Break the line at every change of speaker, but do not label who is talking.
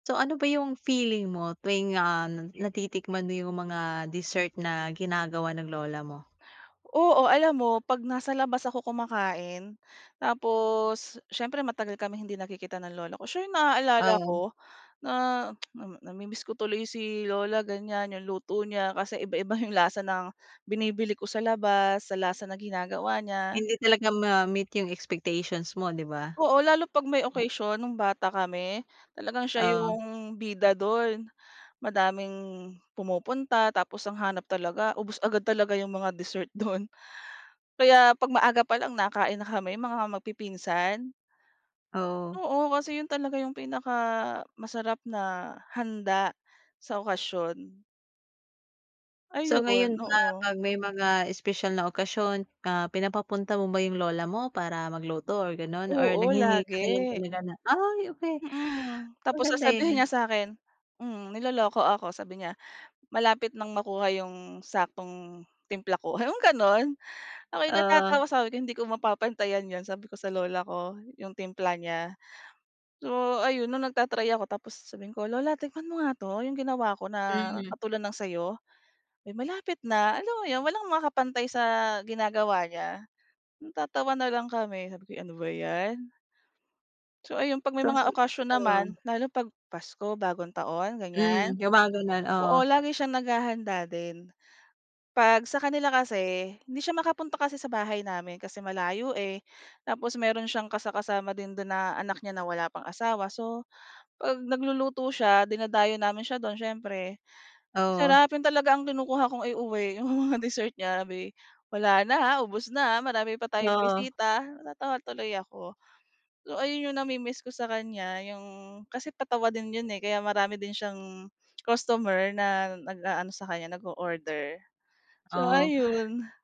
So ano ba yung feeling mo tuwing, ah, natitikman mo yung mga dessert na ginagawa ng lola mo?
Oo alam mo pag nasa labas ako kumakain, tapos, siyempre matagal kaming hindi nagkikita ng lola ko siya yung na-aalala
Oo.
ko, na namimiss ko tuloy si lola ganyan yung luto niya kasi iba-iba yung lasa ng binibili ko sa labas, sa lasa ng ginagawa niya.
Hindi talaga ma-meet yung expectations mo 'di ba?
Oo lalo pag may occasion nung bata kami, talagang siya
Oo.
yung bida dun. Madaming pumupunta, tapos ang hanap talaga ubos agad talaga yung mga dessert dun. Kaya pag maaga pa lang nakain na kami mga mag-pipinsan.
Oo.
Oo kasi yun talaga yung pinaka-masarap na handa sa okasyon.
So
Ayun,
ngayon ba
oo.
pag may mga espesyal na okasyon, ah, pinapapunta mo ba yung lola mo para mag-luto or gano'n or
Oo
naghihinge ka
lagi.
na lang talaga na ay okey.
Mm, tapos
Maganda
sasabihin
yun
niya sakin mm, niloloko ako sabi niya, "Malapit nang makuha yung saktong timpla ko," yung gano'n ako yung
Oo.
natatawa sabi ko "Hindi ko mapapantayan yun," sabi ko sa lola ko yung timpla niya. So ayun 'no nag-ta-try ako tapos sabihin ko "Lola tikman mo nga 'to yung ginawa ko na
Mm.
katulad ng sayo." Malapit na alam mo yun walang makaka-pantay sa ginagawa niya, matatawa na lang kami sabi ko, "Ano ba 'yan." So ayun pag may mga okasyon
[unintelligible] Oo.
naman, lalo pag Pasko, bagong taon ganyan.
Hmm, mga gano'n, oo.
Oo lagi siyang nag-hahanda din 'pag sa kanila kasi, hindi siya makapunta kasi sa bahay namin kasi malayo eh. Tapos meron siyang kasa-kasama din do'n na anak niya na wala pang asawa so, 'pag nagluluto siya, dinadayo namin siya do'n siyempre, ang
Oo.
sarap yun talaga ang kinukuha kong i-uwi 'yong mga dessert niya 'di, "Wala na, ubos na marami pa tayong
Oo.
bisita," natawa tuloy ako. So ayun 'yong na-mi-miss ko sa kanya 'yong kasi patawa din 'yon eh kaya marami din siyang customer na nag-aano sa kanya nag-o-order. So
Oo.
ayun.